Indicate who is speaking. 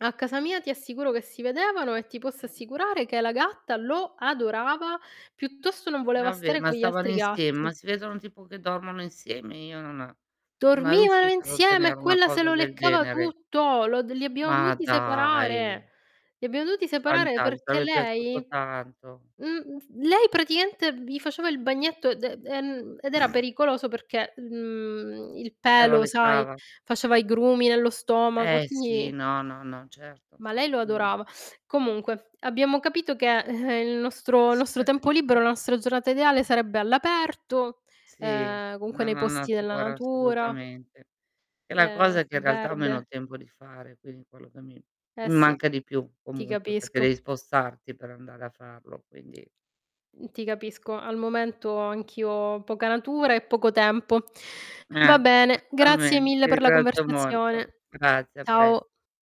Speaker 1: A casa mia ti assicuro che si vedevano e ti posso
Speaker 2: [unintelligible]
Speaker 1: assicurare che la gatta lo adorava, piuttosto non voleva
Speaker 2: Vabbè
Speaker 1: stare
Speaker 2: ma
Speaker 1: con gli
Speaker 2: stavano
Speaker 1: altri
Speaker 2: insieme,
Speaker 1: gatti.
Speaker 2: ma si vedono tipo che dormono insieme, io non mai
Speaker 1: Dormivano
Speaker 2: riuscita ad
Speaker 1: insieme e
Speaker 2: ottenere una
Speaker 1: quella se
Speaker 2: cosa
Speaker 1: lo
Speaker 2: del
Speaker 1: leccava
Speaker 2: genere.
Speaker 1: tutto, lo li abbiamo
Speaker 2: Ma
Speaker 1: dovuti
Speaker 2: dai.
Speaker 1: separare. Li abbiamo dovuti separare,
Speaker 2: Fantas mi
Speaker 1: perché
Speaker 2: sarebbe piaciuto
Speaker 1: lei
Speaker 2: tanto.
Speaker 1: mhmm, lei praticamente gli faceva il bagnetto, d ehm, ed era pericoloso perché, mhmm, il
Speaker 2: Se la
Speaker 1: pelo sai,
Speaker 2: leccava.
Speaker 1: faceva i grumi nello stomaco e
Speaker 2: Ehm, sì,
Speaker 1: quindi
Speaker 2: no, no, no, certo
Speaker 1: ma lei lo
Speaker 2: assolutamen
Speaker 1: adorava. Comunque abbiamo capito che, il nostro il
Speaker 2: S
Speaker 1: nostro tempo libero, la nostra giornata ideale sarebbe all'aperto,
Speaker 2: Sì,
Speaker 1: ehm, comunque nei
Speaker 2: nella
Speaker 1: posti della
Speaker 2: natura
Speaker 1: natura.
Speaker 2: assolutamente. È la
Speaker 1: Ehm,
Speaker 2: cosa che in realtà ho
Speaker 1: verde.
Speaker 2: meno tempo di fare, quindi quello che mi che
Speaker 1: Ehm,
Speaker 2: mi
Speaker 1: sì,
Speaker 2: manca di più
Speaker 1: ti
Speaker 2: comunque, perché devi
Speaker 1: capisco.
Speaker 2: spostarti per andare a farlo, quindi.
Speaker 1: Ti capisco, al momento anch'io ho poca natura e poco tempo. Va
Speaker 2: Ehm,
Speaker 1: bene, grazie
Speaker 2: certamen
Speaker 1: mille
Speaker 2: ti
Speaker 1: per la
Speaker 2: ringrazio molto.
Speaker 1: conversazione.
Speaker 2: Grazie a pres
Speaker 1: Ciao.